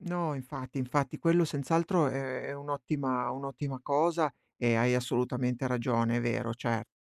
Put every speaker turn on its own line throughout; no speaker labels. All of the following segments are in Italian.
No, infatti, infatti. Quello senz'altro è è un'ottima un'ottima cosa e hai assolutamente ragione, è vero, certo.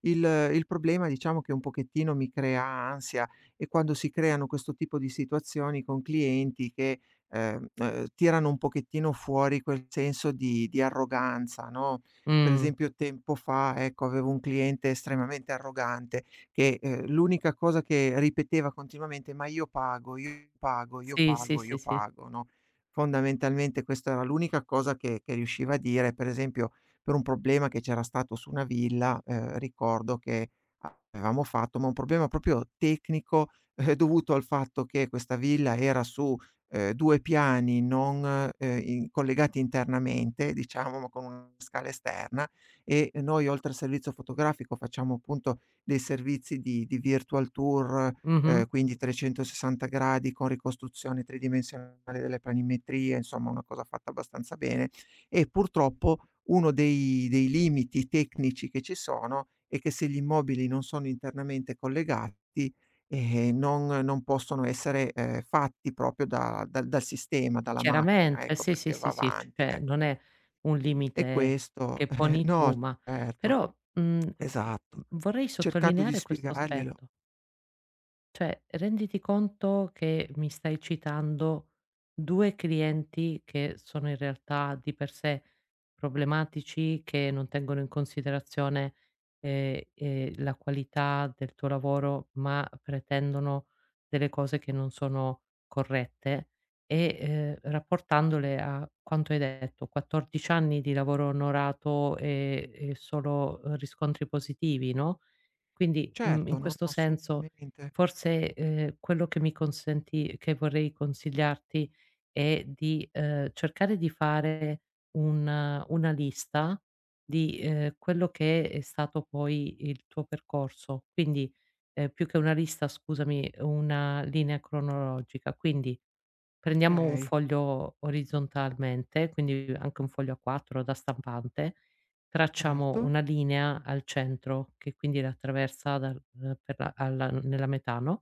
Il il problema diciamo che un pochettino mi crea ansia è quando si creano questo tipo di situazioni con clienti che, ehm, ehm, tirano un pochettino fuori quel senso di di arroganza, no. Per
Mh.
esempio tempo fa, ecco, avevo un cliente estremamente arrogante che, ehm, l'unica cosa che ripeteva continuamente: "Ma io pago, io pago, io
Sì, sì,
pago, io
sì, sì.
pago", no, fondamentalmente questa era l'unica cosa che che riusciva a dire. Per esempio, per un problema che c'era stato su una villa, ehm, ricordo che a avevamo fatto ma un problema proprio tecnico, eh, dovuto al fatto che questa villa era su, ehm, 2 piani non ehm, in collegati internamente diciamo, ma con una scala esterna, e noi oltre al servizio fotografico facciamo appunto dei servizi di di virtual tour, ehm,
Mh-mh.
quindi 360 gradi con ricostruzione tridimensionale delle planimetrie, insomma, una cosa fatta abbastanza bene, e purtroppo uno dei dei limiti tecnici che ci sono è che se gli immobili non sono internamente collegati, eh, non non possono essere, ehm, fatti proprio da dal dal sistema, dalla macchina,
Chiaramente
ecco,
sì, sì,
perché va
sì, sì,
avanti,
cioè,
ecco.
non è un
E
limite
questo
che poni
no,
tu, ma
certo.
però, mhmm, v v v
Esatto.
vorrei
Cercando di
sottolineare questo
spiegarglielo.
aspetto cioè, renditi conto che mi stai citando 2 clienti che sono in realtà di per sé problematici, che non tengono in considerazione, ehm, ehm, la qualità del tuo lavoro, ma pretendono delle cose che non sono corrette e, ehm, rapportandole a quanto hai detto, 14 anni di lavoro onorato e e solo, ehm, riscontri positivi, no. Quindi, mhmm, in
Certo, no,
questo
no,
senso
assolutamente.
forse, ehm, quello che mi consenti che vorrei consigliarti è di, ehm, cercare di fare un una lista di, ehm, quello che è stato poi il tuo percorso. Quindi, ehm, più che una lista scusami, una linea cronologica. Quindi, prendiamo un
Okay.
foglio orizzontalmente, quindi anche un foglio A4 da stampante, tracciamo
Certo.
una linea al centro che quindi la attraversa dal al per la alla n nella metà, no?